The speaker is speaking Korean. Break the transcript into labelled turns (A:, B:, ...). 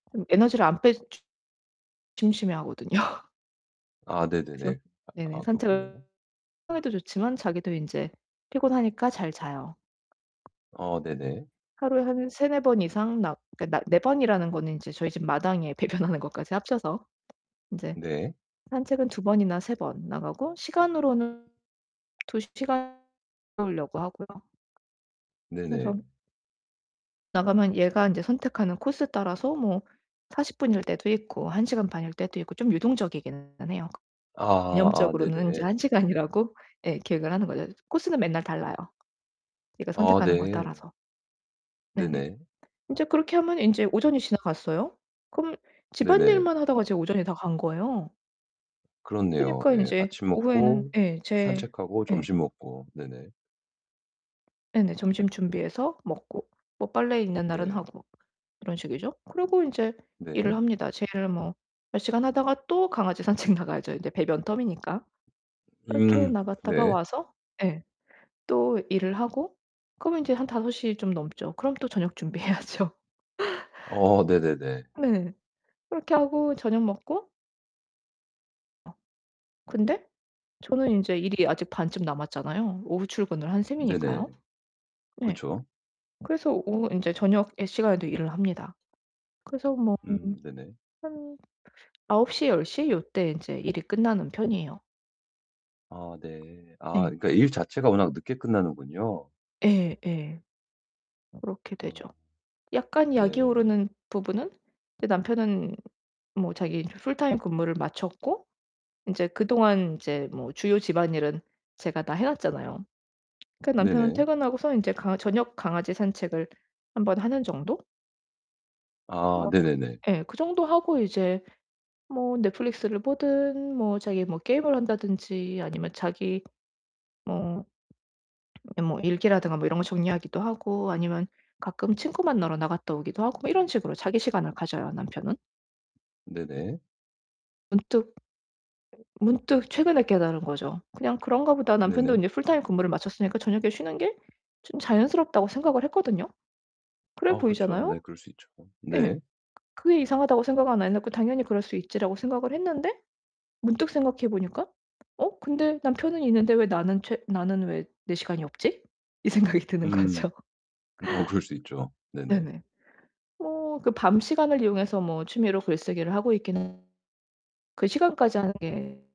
A: 그럼 에너지를 안 빼주 주 심심해 하거든요.
B: 아
A: 그래서
B: 네네네. 아
A: 네네.
B: 아
A: 산책을
B: 그렇군요.
A: [unintelligible] 에도 좋지만 자기도 인제 피곤하니까 잘 자요.
B: 아 네네.
A: 하루에 한 3-4 번 이상 나 그러니까 나 4 번이라는 거는 인제 저희 집 마당에 배변하는 것까지 합쳐서 인제
B: 네.
A: 산책은 2 번이나 3 번 나가고 시간으로는 2 시간 [unintelligible] 울려고 하고요. 그래서
B: 네네.
A: 나가면 얘가 인제 선택하는 코스 따라서 뭐 40 분일 때도 있고, 1 시간 반일 때도 있고 좀 유동적이기는 해요.
B: 아. 아
A: 개념적으로는 인제
B: 네네.
A: 1 시간이라고 예 계획을 하는 거죠. 코스는 맨날 달라요, 얘가
B: 아
A: 선택하는 거에
B: 네.
A: 따라서. 네네.
B: 네네.
A: 인제 그렇게 하면 인제 오전이 지나갔어요. 그럼
B: 네네.
A: 집안일만 하다가 제 오전이 다 간 거예요.
B: 그렇네요.
A: 그니까
B: 예
A: 인제
B: 아침
A: 오후에는
B: 먹고
A: 예 제
B: 산책하고
A: 예.
B: 점심 먹고. 네네.
A: 네네. 점심 준비해서 먹고 뭐 빨래 있는 날은
B: 네.
A: 하고 이런 식이죠. 그리고 인제 일을
B: 네.
A: 합니다. 제 일 뭐 몇 시간 하다가 또 강아지 산책 나가야죠, 이제 배변 텀이니까. 그렇게
B: 음
A: 나갔다가
B: 네.
A: 와서 예 또 일을 하고 그러면 인제 한 5 시 좀 넘죠. 그럼 또 저녁 준비 해야죠.
B: 어 네네네.
A: 네. 그렇게 하고 저녁 먹고 아. 근데 저는 인제 일이 아직 반쯤 남았잖아요. 오후 출근을 한
B: 네네.
A: 셈이니까요. 네.
B: 그쵸.
A: 그래서 오후 인제 저녁에 시간에도 일을 합니다. 그래서 뭐 한
B: 음 네네.
A: 한 9:00, 10:00 요때 인제 일이 끝나는 편이에요.
B: 아 네. 아
A: 네.
B: 그러니까 일 자체가 워낙 늦게 끝나는군요.
A: 예 예. 그렇게 되죠.
B: 어.
A: 약간 약이
B: 네.
A: 오르는 부분은 이제 남편은 뭐 자기 인제 풀타임 근무를 마쳤고 인제 그동안 인제 뭐 주요 집안일은 제가 다 해 놨잖아요. 그 남편은
B: 네네.
A: 퇴근하고서 인제 강아 저녁 강아지 산책을 1 번 하는 정도?
B: 아
A: 뭐 그
B: 네네네.
A: 예 그 정도 하고 이제 뭐 넷플릭스를 보든 뭐 자기 뭐 게임을 한다든지 아니면 자기 뭐 뭐 일기라든가 뭐 이런 거 정리하기도 하고 아니면 가끔 친구 만나러 나갔다 오기도 하고 뭐 이런 식으로 자기
B: 어
A: 시간을 가져요, 남편은.
B: 네네.
A: 문득 문득 최근에 깨달은 거죠. '그냥 그런가 보다. 남편도
B: 네네.
A: 인제 풀타임 근무를 마쳤으니까 저녁에 쉬는 게 좀 자연스럽다.'고 생각을 했거든요. 그래
B: 어 그쵸. 네
A: 보이잖아요?
B: 그럴 수 있죠.
A: 예.
B: 네.
A: 그게 이상하다고 생각은 안 해놓고 '당연히 그럴 수 있지.'라고 생각을 했는데 문득 생각해 보니까 '어 근데 남편은 있는데 왜 나는 최 나는 왜 내 시간이 없지?' 이 생각이 드는
B: 음.
A: 거죠.
B: 어 그럴 수 있죠. 네네.
A: 네네. 뭐 그 밤 시간을 이용해서 뭐 취미로 글쓰기를 하고 있기는 [unintelligible] 그 시간까지 하는 게